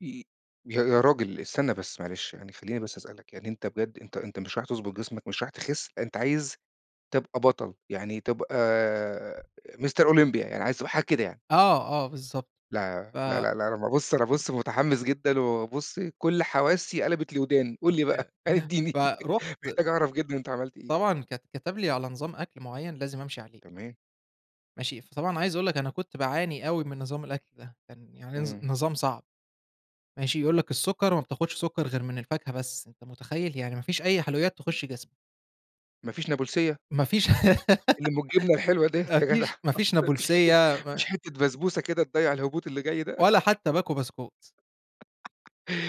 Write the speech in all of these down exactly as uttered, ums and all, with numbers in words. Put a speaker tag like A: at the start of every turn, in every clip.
A: ي يا يا راجل استنى بس، معلش، يعني خلّيني بس اسألك، يعني أنت بجد، أنت أنت مش رايح تضبط جسمك، مش رايح تخس، أنت عايز تبقى بطل، يعني تبقى، Mister Olympia يعني عايز تبقى حاجة كده يعني؟
B: آه، آه، بالضبط،
A: لا، لا،
B: ف
A: لا، لا أنا ما بُص أنا بُص متحمس جدًا وبُص كل حواسي قَلبت لوّداني، قُل لي
B: يا
A: بقى
B: ياه!
A: ادِّيني
B: فَرُحت
A: محتاج أعرف جدًا أنت عملت إيه؟
B: طبعًا كت كتب لي على نظام أكل معيّن لازم امشي عليه.
A: تمام.
B: ماشي، فطبعًا عايز اقول لك، أنا كنت باعاني أوي من نظام الأكل ده، كان يعني نظ
A: إمم.
B: نظام صعب، ماشي، يقول لك السكر ما بتاخدش سكر غير من الفاكهة بس، أنت متخيل يعني ما فيش أي حلويات تخش جسمك!
A: ما فيش نابُلسيَّة؟
B: ما فيش
A: اللي أُم الجبنة الحلوة دِيّة
B: ما
A: يا جدع
B: فيش ما فيش
A: ما فيش حتّة
B: نابُلسيَّة،
A: ما فيش
B: ما
A: حتّة بسبوسة كده تضيّع الهبوط اللي جاي ده
B: ولا حتى باكو بسكوت.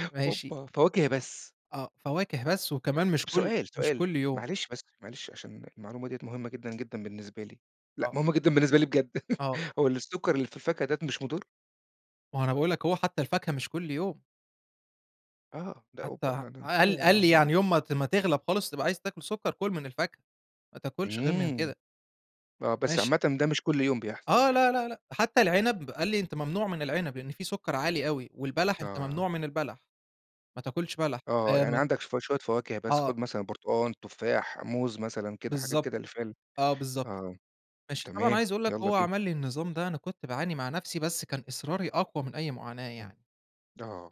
B: ماشي.
A: أوبا! فواكه بس.
B: آه، فواكة بس، وكمان مش
A: طَب
B: كل
A: سؤال،
B: مش
A: سؤال،
B: كل يوم.
A: معلش بس، معلش عشان المعلومة دِيّة مهمة جدًا جدًا بالنسبة لي، لأ
B: آه.
A: مهمة جدًا بالنسبة لي بجد
B: آه.
A: هو السكر اللي في الفاكهة داة مش مُضر؟
B: ما هو أنا باقول لك أهو، حتى الفاكهة مش كل يوم.
A: آه، ده
B: حتى
A: أوبا!
B: ح
A: لأ ده أنت
B: قال
A: كده
B: قال لي
A: همو
B: يعني يوم ما ت ما تغلَب خالص وتبقى عايز تاكل سكر، كُل من الفاكهة، ما تاكلش غير من
A: إمم،
B: كده.
A: آه، بس عامةً
B: ماشي.
A: ده مش كل يوم بيحصل
B: آه،
A: يعني.
B: لا، لا، لأ، حتى العنب، قال لي أنت ممنوع من العنب؛ لإن فيه سكر عالي أوي، والبلح أنت
A: آه.
B: ممنوع من البلح، ما تاكلش بلح،
A: آه
B: آآ،
A: يعني
B: ما ت
A: عندك شوف شوية فواكه بس،
B: آه.
A: خُد مثلًا برتقان، تفاح، موز، مثلًا كده، حاجات
B: بالضبط،
A: كده اللي فيها ال
B: آه بالضبط،
A: آه،
B: ماشي، طبعًا
A: تمام،
B: عايز اقول لك،
A: يالّا
B: هو
A: بينا.
B: عمل لي النظام ده، أنا كنت باعاني مع نفْسِي، بس كان إصراري أقوى من أي معاناة
A: إمم،
B: يعني.
A: آه.